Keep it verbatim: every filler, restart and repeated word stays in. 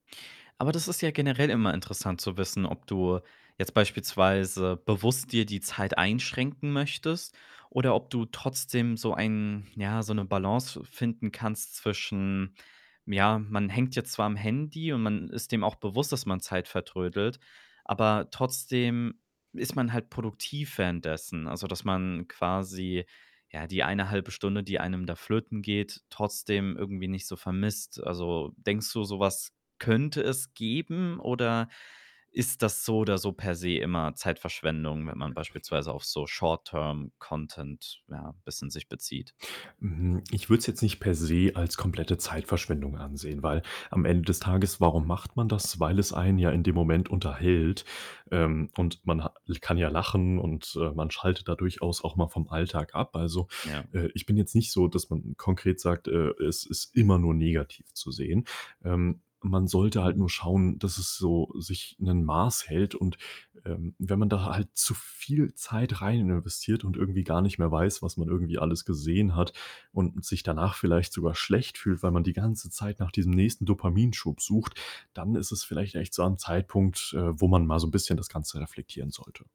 Aber das ist ja generell immer interessant zu wissen, ob du jetzt beispielsweise bewusst dir die Zeit einschränken möchtest oder ob du trotzdem so ein ja, so 'ne Balance fi finden kannst zwischen, hm, ja, „Man hängt jetzt zwar am Handy und man ist, äh, dem auch bewusst, dass man Zeit vertrödelt, aber trotzdem ist man halt produktiv währenddessen.“ Also, dass man quasi, ja, die eine halbe Stunde, die einem da flöten geht, trotzdem irgendwie nicht so vermisst? Also, denkst du, so was könnte es geben oder ist das so oder so per se immer Zeitverschwendung, wenn man beispielsweise auf so Short-term-content, ja, bisschen sich bezieht? Mhm, ich würde es jetzt nicht per se als komplette Zeitverschwendung ansehen, weil am Ende des Tages, warum macht man das? Weil es einen ja in dem Moment unterhält, ähm, und man ha l kann ja lachen und, äh, man schaltet da durchaus auch mal vom Alltag ab. Also, Ja. äh, ich bin jetzt nicht so, dass man, äh, konkret sagt: „Äh, es ist immer nur negativ zu sehen.“ Ähm, man sollte halt Mhm. nur schauen, dass es so sich 'nen Maß hält und, ähm, wenn man da ha halt zu viel Zeit rein investiert und irgendwie gar nicht mehr weiß, was man irgendwie alles gesehen hat und sich danach vielleicht sogar schlecht fühlt, weil man die ganze Zeit nach diesem nächsten Dopaminschub sucht, dann ist es vielleicht echt so am Zeitpunkt, äh, wo man mal so 'n bisschen das Ganze reflektieren sollte.